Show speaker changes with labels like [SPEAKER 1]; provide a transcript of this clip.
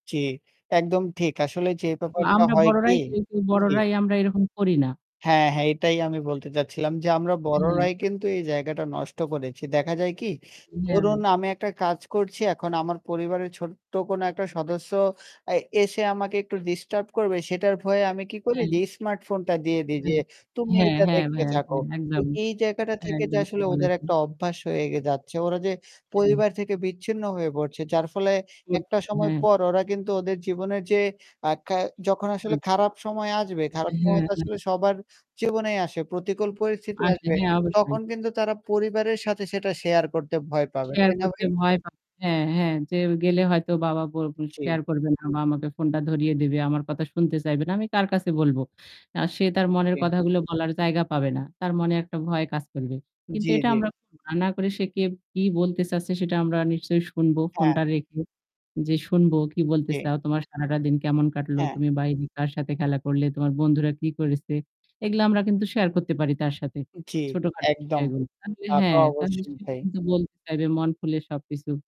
[SPEAKER 1] জি। একদম ঠিক। আসলে যে ব্যাপারটা
[SPEAKER 2] আমরা
[SPEAKER 1] হয় কি?
[SPEAKER 2] বড়রাই কিন্তু
[SPEAKER 1] জি।
[SPEAKER 2] বড়রাই আমরা এরকম করি না।
[SPEAKER 1] হ্যাঁ, হ্যাঁ, এটাই আমি বলতে চাচ্ছিলাম। যে আমরা
[SPEAKER 2] হুম।
[SPEAKER 1] বড়রাই কিন্তু এই জায়গাটা নষ্ট করেছি। দেখা যায় কি?
[SPEAKER 2] হ্যাঁ।
[SPEAKER 1] ধরুন আমি একটা কাজ করছি এখন আমার পরিবারের ছোট্ট কোন একটা সদস্য এ এসে আমাকে একটু ডিস্টার্ব করবে সেটার ভয়ে আমি কি করি
[SPEAKER 2] হ্যাঁ।
[SPEAKER 1] যে এই স্মার্টফোনটা দিয়ে দিই যে
[SPEAKER 2] হ্যাঁ,
[SPEAKER 1] "তুমি
[SPEAKER 2] হ্যাঁ,
[SPEAKER 1] এটা
[SPEAKER 2] হ্যাঁ
[SPEAKER 1] দেখতে
[SPEAKER 2] ভাইয়া। এ
[SPEAKER 1] থাকো।" তো
[SPEAKER 2] একদম।
[SPEAKER 1] এই জায়গাটা
[SPEAKER 2] হ্যাঁ,
[SPEAKER 1] থেকে
[SPEAKER 2] একদম ঠিক
[SPEAKER 1] আসলে ওদের
[SPEAKER 2] বলেছেন।
[SPEAKER 1] একটা অভ্যাস হয়ে গে যাচ্ছে। ওরা যে
[SPEAKER 2] হুম।
[SPEAKER 1] পরিবার থেকে বিচ্ছিন্ন হয়ে পড়ছে। যার ফলে একটা
[SPEAKER 2] করতে
[SPEAKER 1] সময়
[SPEAKER 2] হ্যাঁ।
[SPEAKER 1] পর ওরা কিন্তু ওদের জীবনে যে আ কে যখন আসলে
[SPEAKER 2] আচ্ছা।
[SPEAKER 1] খারাপ সময় আসবে খারাপ সময় তো আসলে
[SPEAKER 2] হ্যা।
[SPEAKER 1] সবার জীবনেই আসে। প্রতিকূল পরিস্থিতি
[SPEAKER 2] আচ্ছা,
[SPEAKER 1] আসবে।
[SPEAKER 2] হ্যাঁ, অবশ্যই।
[SPEAKER 1] তখন কিন্তু তারা পরিবারের সাথে সেটা শেয়ার করতে ভয় পাবে।
[SPEAKER 2] শেয়ার
[SPEAKER 1] তাই না
[SPEAKER 2] করতে
[SPEAKER 1] ভাই?
[SPEAKER 2] ভয় পাবে। হ্যাঁ, হ্যাঁ, যে গেলে হয়তো বাবা ব
[SPEAKER 1] জী।
[SPEAKER 2] শেয়ার করবে না বা আমাকে ফোনটা ধরিয়ে দিবে। আমার কথা শুনতে চাইবে না। আমি কার কাছে বলবো? আ সে তার মনের
[SPEAKER 1] জি।
[SPEAKER 2] কথাগুলো বলার জায়গা পাবে না। তার মনে একটা ভয় কাজ করবে। কিন্তু
[SPEAKER 1] জ্বী,
[SPEAKER 2] এটা
[SPEAKER 1] জ্বী।
[SPEAKER 2] আমরা না করে সে কে কি বলতে চাচ্ছে সেটা আমরা নিশ্চয়ই শুনবো
[SPEAKER 1] হ্যাঁ।
[SPEAKER 2] ফোনটা রেখে। যে শুনবো কি বলতে
[SPEAKER 1] এ
[SPEAKER 2] চাও, তোমার সারাটা দিন কেমন কাটলো,
[SPEAKER 1] হ্যাঁ।
[SPEAKER 2] তুমি বাইরে কার সাথে খেলা করলে, তোমার বন্ধুরা কি করেছে? এগুলা আমরা কিন্তু শেয়ার করতে পারি তার সাথে।
[SPEAKER 1] জ্বি,
[SPEAKER 2] ছোটখাটো
[SPEAKER 1] একদম।
[SPEAKER 2] বিষয়গুলো। তাহলে
[SPEAKER 1] তা তো
[SPEAKER 2] হ্যাঁ, তাহলে
[SPEAKER 1] অবশ্যই
[SPEAKER 2] সে
[SPEAKER 1] ভাই।
[SPEAKER 2] কিন্তু বলতে চাইবে মন খুলে সবকিছু।